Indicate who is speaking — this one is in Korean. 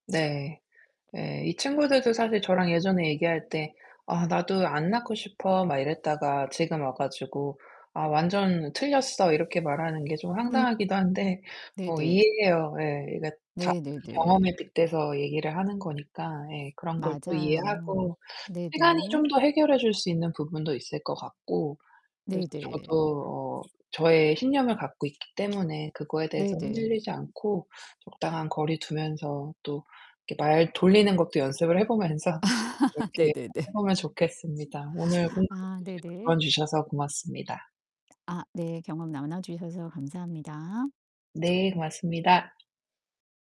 Speaker 1: 네. 예 이 친구들도 사실 저랑 예전에 얘기할 때 "아 나도 안 낳고 싶어." 막 이랬다가 지금 와 가지고 "아 완전 틀렸어." 이렇게 말하는 게 좀
Speaker 2: 음.
Speaker 1: 황당하기도 한데 뭐
Speaker 2: 네네.
Speaker 1: 이해해요. 예 이게 다
Speaker 2: 네네네.
Speaker 1: 경험에 빗대서 얘기를 하는 거니까 예 그런 걸 또
Speaker 2: 맞아요.
Speaker 1: 이해하고 시간이 좀
Speaker 2: 네네.
Speaker 1: 더 해결해 줄 수 있는 부분도 있을 것 같고 그래서
Speaker 2: 네 네.
Speaker 1: 저도 어 저의 신념을 갖고 있기 때문에 그거에
Speaker 2: 네
Speaker 1: 대해서
Speaker 2: 네.
Speaker 1: 흔들리지 않고 적당한 거리 두면서 또 이렇게 말 돌리는 것도 연습을 해 보면서 이렇게 해
Speaker 2: 네네네.
Speaker 1: 보면 좋겠습니다. 오늘 공감해
Speaker 2: 아
Speaker 1: 주시고
Speaker 2: 네네.
Speaker 1: 조언 주셔서 고맙습니다.
Speaker 2: 아 네. 경험 나눠 주셔서 감사합니다.
Speaker 1: 네, 고맙습니다.